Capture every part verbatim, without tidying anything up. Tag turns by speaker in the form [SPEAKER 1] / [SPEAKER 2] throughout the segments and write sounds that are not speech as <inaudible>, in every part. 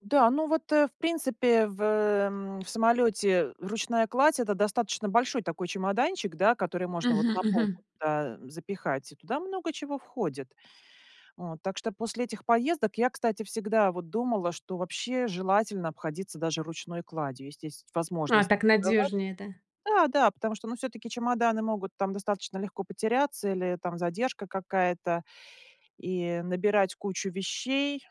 [SPEAKER 1] Да, ну вот, э, в принципе, в, м, в самолете ручная кладь- это достаточно большой такой чемоданчик, да, который можно вот
[SPEAKER 2] Мгм,
[SPEAKER 1] на
[SPEAKER 2] мгм.
[SPEAKER 1] полку, да, запихать, и туда много чего входит вот. Так что после этих поездок я, кстати, всегда вот думала, что вообще желательно обходиться даже ручной кладью, ести есть
[SPEAKER 2] А
[SPEAKER 1] возможность
[SPEAKER 2] так
[SPEAKER 1] сдавать.
[SPEAKER 2] надёжнее, это.
[SPEAKER 1] Да, да, потому что, ну, всё-таки чемоданы могут там достаточно легко потеряться или там задержка какая-то, и набирать кучу вещей,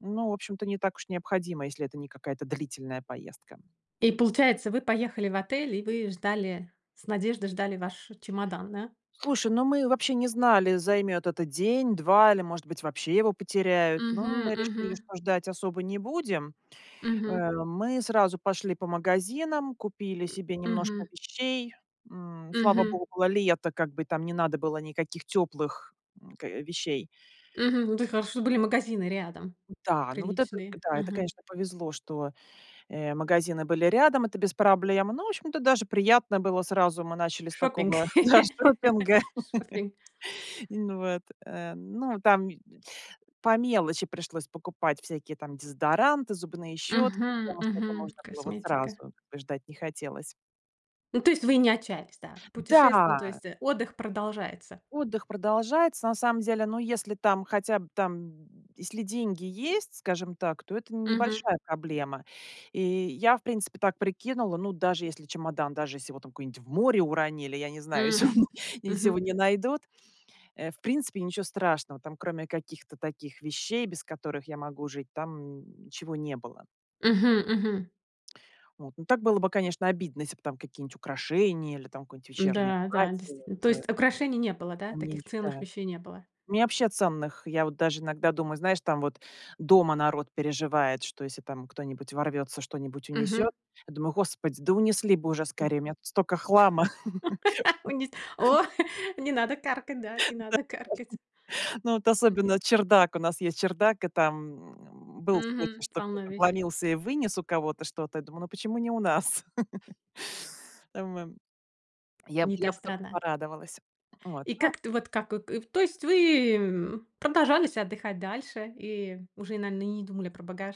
[SPEAKER 1] ну, в общем-то, не так уж необходимо, если это не какая-то длительная поездка.
[SPEAKER 2] И получается, вы поехали в отель, и вы ждали, с надеждой ждали ваш чемодан, да?
[SPEAKER 1] Слушай, ну, мы вообще не знали, займет это день-два или, может быть, вообще его потеряют, но
[SPEAKER 2] Мгм,
[SPEAKER 1] мы решили,
[SPEAKER 2] мгм.
[SPEAKER 1] что ждать особо не будем.
[SPEAKER 2] Мгм.
[SPEAKER 1] Э, мы сразу пошли по магазинам, купили
[SPEAKER 2] М,
[SPEAKER 1] себе немножко
[SPEAKER 2] мгм.
[SPEAKER 1] вещей. М, слава
[SPEAKER 2] Мгм.
[SPEAKER 1] богу, лето, как бы, там не надо было никаких теплых, м, к вещей.
[SPEAKER 2] Мгм, ну, <unintelligible> хорошо, что были магазины рядом,
[SPEAKER 1] Да. Ну, вот это, к
[SPEAKER 2] приличные,
[SPEAKER 1] да, это,
[SPEAKER 2] мгм.
[SPEAKER 1] конечно, повезло, что, э, магазины были рядом, это без проблем. Но, в общем-то, даже приятно было сразу. Мы начали с
[SPEAKER 2] Шопинг
[SPEAKER 1] такого, да, шопинга.
[SPEAKER 2] <laughs> шоппинг.
[SPEAKER 1] <chuckles> Ну вот, э, ну. Там по мелочи пришлось покупать всякие там дезодоранты, зубные щётки,
[SPEAKER 2] Мгм,
[SPEAKER 1] потому что этого
[SPEAKER 2] мгм,
[SPEAKER 1] можно было сразу,
[SPEAKER 2] косметика.
[SPEAKER 1] как бы ждать не хотелось.
[SPEAKER 2] Ну, то есть вы не отчаялись, да? Путешествие ну, то
[SPEAKER 1] Да.
[SPEAKER 2] есть, э, отдых продолжается.
[SPEAKER 1] Отдых продолжается, на самом деле. Но если там, хотя б там, если деньги есть, скажем так, то это
[SPEAKER 2] Мгм.
[SPEAKER 1] небольшая проблема. И я, в принципе, так прикинула, ну, даже если чемодан, даже если его там куда-нибудь в море уронили, я не знаю,
[SPEAKER 2] М,
[SPEAKER 1] если он <chuckles> если
[SPEAKER 2] мгм.
[SPEAKER 1] его не найдут, э, в принципе, ничего страшного. Там, кроме каких-то таких вещей, без которых я могу жить, там ничего не было.
[SPEAKER 2] Мгм, мгм.
[SPEAKER 1] Вот. Но так было бы, конечно, обидно, если бы там какие-нибудь украшения или там какое-нибудь вечернее
[SPEAKER 2] М-да, да,
[SPEAKER 1] платье,
[SPEAKER 2] действительно, то
[SPEAKER 1] вот, э.
[SPEAKER 2] есть украшений не было, да,
[SPEAKER 1] Там, а мне не
[SPEAKER 2] таких ценных
[SPEAKER 1] считая.
[SPEAKER 2] вещей не было.
[SPEAKER 1] Мне вообще ценных я вот даже иногда думаю, знаешь, там вот дома народ переживает, что если там кто-нибудь ворвется, что-нибудь
[SPEAKER 2] Мгм.
[SPEAKER 1] унесёт, я думаю: "Господи, да унесли бы уже
[SPEAKER 2] Тр
[SPEAKER 1] скорее, у меня тут столько хлама".
[SPEAKER 2] <laughs> Ой, нез
[SPEAKER 1] <laughs>
[SPEAKER 2] о, не надо каркать, да,
[SPEAKER 1] Да.
[SPEAKER 2] не надо каркать.
[SPEAKER 1] Ну, вот
[SPEAKER 2] Мгм.
[SPEAKER 1] особенно чердак, у нас есть чердак, и там был случай,
[SPEAKER 2] Мгм,
[SPEAKER 1] что
[SPEAKER 2] полно
[SPEAKER 1] кто-то
[SPEAKER 2] веще
[SPEAKER 1] вломился и вынес у кого-то что-то. Я думаю: "Ну, почему не у нас?" <laughs> М, во Я бы
[SPEAKER 2] Не та
[SPEAKER 1] я бы только
[SPEAKER 2] страна.
[SPEAKER 1] порадовалась. Вот,
[SPEAKER 2] И
[SPEAKER 1] ну.
[SPEAKER 2] как т вот как, э, э, то есть вы, м, продолжались отдыхать дальше и уже, наино не думали про багаж?